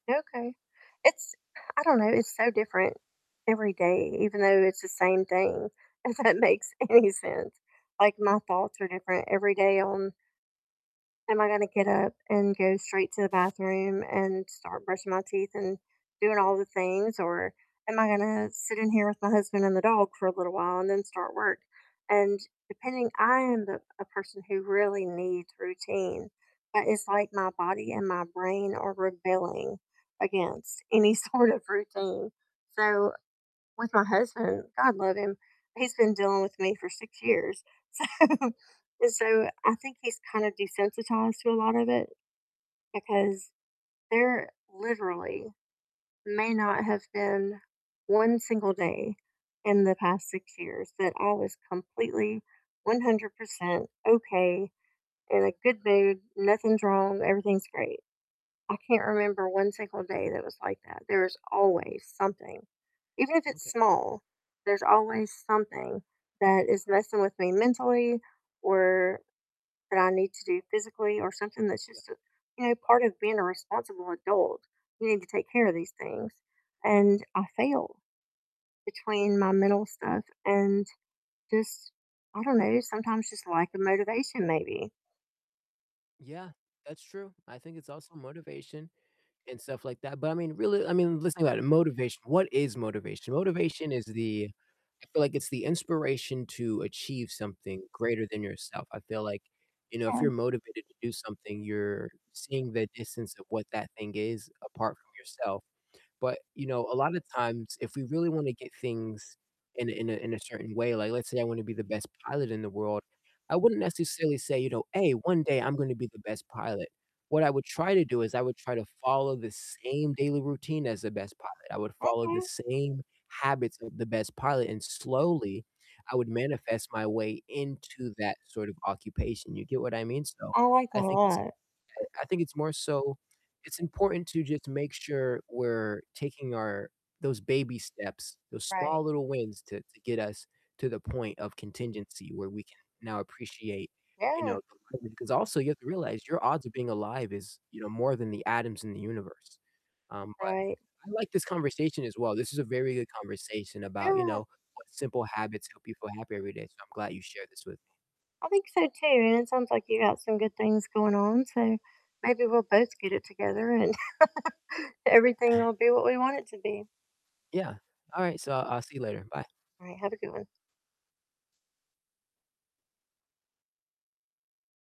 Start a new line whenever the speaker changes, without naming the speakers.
Okay, it's I don't know, it's so different every day, even though it's the same thing, if that makes any sense, like, my thoughts are different every day on "Am I gonna get up and go straight to the bathroom and start brushing my teeth and doing all the things, or am I gonna sit in here with my husband and the dog for a little while and then start work?" and depending I am the a person who really needs routine, but it's like my body and my brain are rebelling against any sort of routine so with my husband, I love him, he's been dealing with me for 6 years, so and so I think he's kind of desensitized to a lot of it, because there literally may not have been 1 single day in the past 6 years that I was completely 100% okay, in a good mood, nothing's wrong, everything's great. I can't remember 1 single day that was like that, there is always something, even if it's
Okay.
small, there's always something that is messing with me mentally or that I need to do physically or something that's
Yeah.
just, you know, part of being a responsible adult, you need to take care of these things, and I fail between my mental stuff and just I don't know, sometimes just lack of motivation maybe.
Yeah, that's true, I think it's also motivation and stuff like that, but I mean, really, I mean, let's think about it, motivation, what is motivation? Motivation is the I feel like it's the inspiration to achieve something greater than yourself, I feel like, you know, if you're
[unintelligible]
motivated to do something, you're seeing the distance of what that thing is apart from yourself, but, you know, a lot of times if we really wanna get things in a in a in a certain way, like let's say I wanna be the best pilot in the world, I wouldn't necessarily say, you know, "Hey, one day I'm gonna be the best pilot," what I would try to do is I would try to follow the same daily routine as the best pilot, I would follow the
Okay.
same habits of the best pilot, and slowly I would manifest my way into that sort of occupation, you get what I mean? So,
I like
I
that a
think it's
lot.
I think it's more so it's important to just make sure we're taking our those baby steps, those
Right.
small little wins to to get us to the point of contingency where we can now appreciate, you
Yeah.
know, the living, 'cause also you have to realize your odds of being alive is, you know, more than the atoms in the universe, um, but
Right.
I like this conversation as well, this is a very good conversation about, you know,
Yeah.
what simple habits help people happy every day, so I'm glad you shared this with me.
I think so too, and it sounds like you got some good things going on, so maybe we'll both get it together and, everything will be what we want it to be.
Yeah, all right, so I'll see you later, bye.
All right, have a good one.